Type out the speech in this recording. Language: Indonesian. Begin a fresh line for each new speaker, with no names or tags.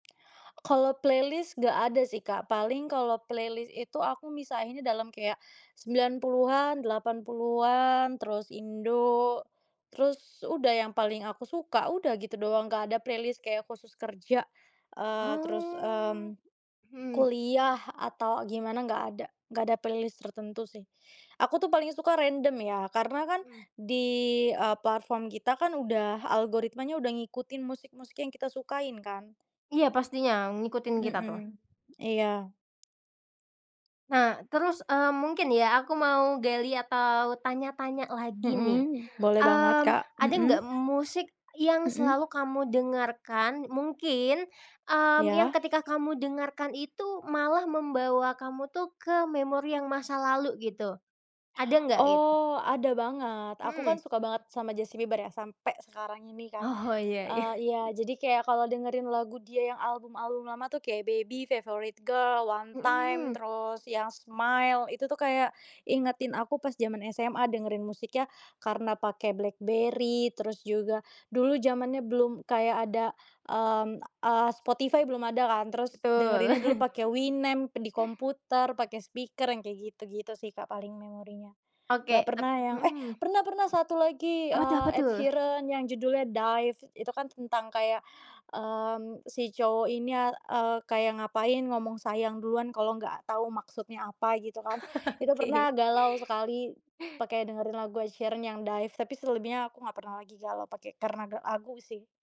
Kalau playlist enggak ada sih, Kak. Paling kalau playlist itu aku misahinnya dalam kayak 90-an, 80-an, terus Indo, terus udah. Yang paling aku suka, udah gitu doang. Enggak ada playlist kayak khusus kerja, eee, terus, mmm,
Oh, mhm.
kuliah atau gimana. Enggak ada, enggak ada playlist tertentu sih. Aku tuh paling suka random ya, karena kan
Mhm.
di, eee, platform kita kan udah, algoritmanya udah ngikutin musik-musik yang kita sukain kan.
Iya, pastinya, ngikutin kita tuh.
Mhm, iya.
Nah, terus, eee, mungkin ya, aku mau gali atau tanya-tanya lagi nih.
Mhm, boleh banget,
Mmm,
Kak,
ada
mhm,
enggak musik yang
mhm.
selalu kamu dengarkan, mungkin, mmm, yang
Iya.
ketika kamu dengarkan itu malah membawa kamu tuh, ke memori yang masa lalu gitu, ada enggak? Gitu.
Oh, ada banget. Aku kan
Mhm.
suka banget sama Justin Bieber ya, sampai sekarang ini kan.
Oh, iya iya.
Eee, iya, jadi kayak kalau dengerin lagu dia yang album-album lama tuh, kayak Baby, Favorite Girl, One Time,
Mhm.
terus yang Smile, itu tuh, kayak ingetin aku pas zaman SMA dengerin musiknya, karena pakai BlackBerry. Terus juga, dulu zamannya belum kayak ada, mmm, eee, Spotify belum ada kan, terus
Betul.
dengerinnya dulu pakai Winamp di komputer, pakai speaker, yang kayak gitu-gitu sih, Kak, paling memorinya. Enggak
Oke, tap
pernah yang eh,
mhm.
pernah, pernah, satu lagi,
Apa tuh?
eee,
Apa
Ed
tuh?
Sheeran yang judulnya Dive. Itu kan tentang kayak, mmm, si cowok ini, eee, kayak ngapain, ngomong sayang duluan, kalau enggak tahu maksudnya apa gitu kan. Itu
Oke.
pernah galau sekali pakai dengerin lagu Ed Sheeran yang Dive. Tapi selebihnya aku enggak pernah lagi galau pakai karena lagu sih.